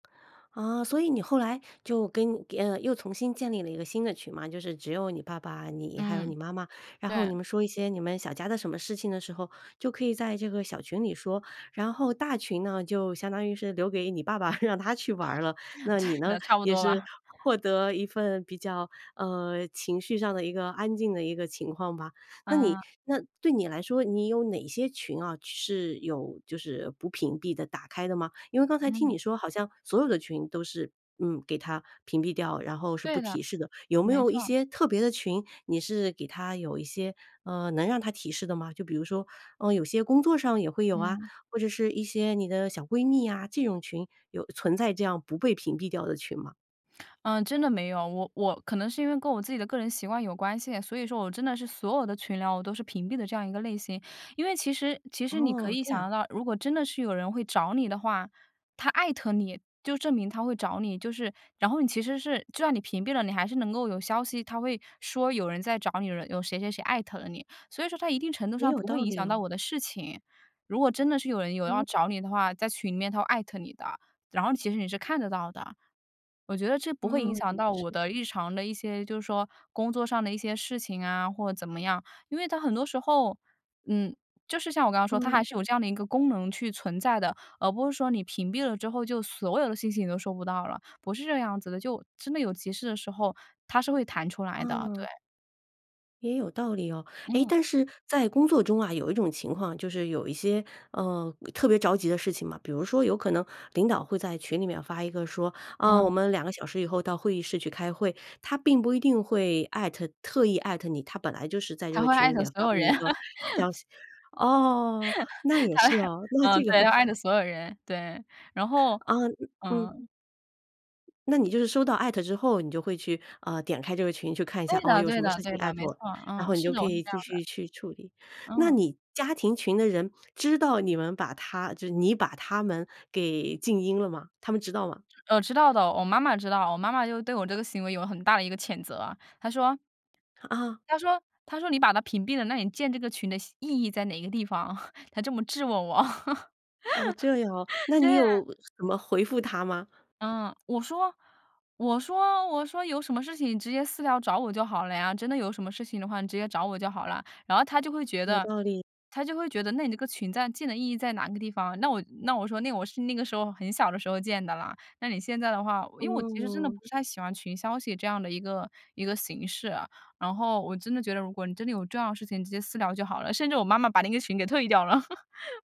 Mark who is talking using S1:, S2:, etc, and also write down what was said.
S1: 啊，所以你后来就跟呃，又重新建立了一个新的群嘛，就是只有你爸爸，你，还有你
S2: 嗯，
S1: 妈妈，然后
S2: 对。
S1: 你们说一些你们小家的什么事情的时候，就可以在这个小群里说。然后大群呢，就相当于是留给你爸爸 让他去玩儿了，那你呢，
S2: 对，差不
S1: 也
S2: 多
S1: 是，
S2: 吧。
S1: 获得一份比较呃，情绪上的一个安静的一个情况吧。那你
S2: 嗯。
S1: 那对你来说，你有哪些群啊？是有就是不屏蔽的、打开的吗？因为刚才听
S2: 嗯。
S1: 你说好像，所有的群都是，嗯，给它屏蔽掉，然后是不
S2: 对的，
S1: 提示的，有没
S2: 没
S1: 有一
S2: 错。
S1: 些特别的群，你是给它有一些呃，能让它提示的吗？就比如说，呃，有些工作上也会有啊，
S2: 嗯。
S1: 或者是一些你的小闺蜜呀？这种群有存在这样不被屏蔽掉的群吗？
S2: 呃，真的没有，我我可能是因为跟我自己的个人习惯有关系，所以说我真的是所有的群聊我都是屏蔽的这样一个类型。因为其实其实你可
S1: 哦，
S2: 以
S1: 这
S2: 想得
S1: 样。
S2: 到如果真的是有人会找你的话，他艾特你，就证明他会找你就是然后你其实是就算你屏蔽了，你还是能够有消息它会说有人在找你，有谁谁谁艾特了你，所以说在一定程度
S1: 也
S2: 上
S1: 有
S2: 不会
S1: 道
S2: 影
S1: 理
S2: 响到
S1: 哦。
S2: 我的事情，如果真的是有人有要
S1: 嗯。
S2: 找你的话，在群里面他会艾特你的，然后其实你是看得到的，我觉得这不会影
S1: 嗯，
S2: 响
S1: 也
S2: 到我
S1: 是。
S2: 的日常的一些就是说，工作上的一些事情啊，或者怎么样，因为它很多时候，嗯，就是像我刚刚说它还
S1: 嗯。
S2: 是有这样的一个功能去存在的，而不是说你屏蔽了之后就所有的信息你都收不到了，不是这样子的，就真的有急事的时候，它是会弹出来的，对。
S1: 嗯。也有道理哦，哎，
S2: 嗯。
S1: 但是在工作中啊，有一种情况，就是有一些，呃，特别着急的事情嘛，比如说有可能，领导会在群里面发一个说，啊，
S2: 嗯。
S1: 我们2个小时以后到会议室去开会，他并不一定会艾特特意艾特你，他本来就是在这
S2: 他
S1: 个
S2: 会
S1: 群
S2: 艾
S1: 里
S2: 特
S1: 面
S2: 所
S1: 发
S2: 有
S1: 布
S2: 人。
S1: 一个消 息，哦，那 也
S2: 他艾
S1: 是啊，那
S2: 嗯，
S1: 这个
S2: 对，他
S1: 话
S2: 艾特所有人，对，然 后
S1: 啊嗯。
S2: 嗯。
S1: 那你就是收到艾特之后你就会去，呃，点开这个群去看一
S2: 对
S1: 下，哦，
S2: 的
S1: 有
S2: 对
S1: 什么
S2: 的
S1: 事
S2: 对
S1: 情艾
S2: 的，
S1: 特
S2: 没
S1: 我？
S2: 错，
S1: 然
S2: 嗯，
S1: 后你
S2: 是
S1: 就
S2: 的，
S1: 可
S2: 我是
S1: 以
S2: 这样
S1: 继
S2: 的。
S1: 续去处理，那
S2: 嗯。
S1: 你家庭群的人知道你们把他就是你把他们给静音了吗？他们知道吗？
S2: 呃，知道的，我妈妈知道，我妈妈就对我这个行为有很大的一个谴责。她说
S1: 啊。
S2: 她说她说你把它屏蔽了，那你建这个群的意义在哪个地方？她这么质问我。
S1: 哦，这样哦，那你
S2: 对啊。
S1: 有什么回复她吗？
S2: 嗯，我说我说我说有什么事情你直接私聊找我就好了呀，真的有什么事情的话你直接找我就好了呀。然后她就会觉
S1: 有
S2: 得
S1: 道理。
S2: 她就会觉得那你这个群在进的意义在哪个地方？那我那我说那我是那个时候很小的时候建的啦，那你现在的话因为我其实真的不
S1: 嗯。
S2: 是不太喜欢群消息这样的一个一个形式啊，然后我真的觉得如果你真的有重要的事情直接私聊就好了。甚至我妈妈把那个群给退掉了。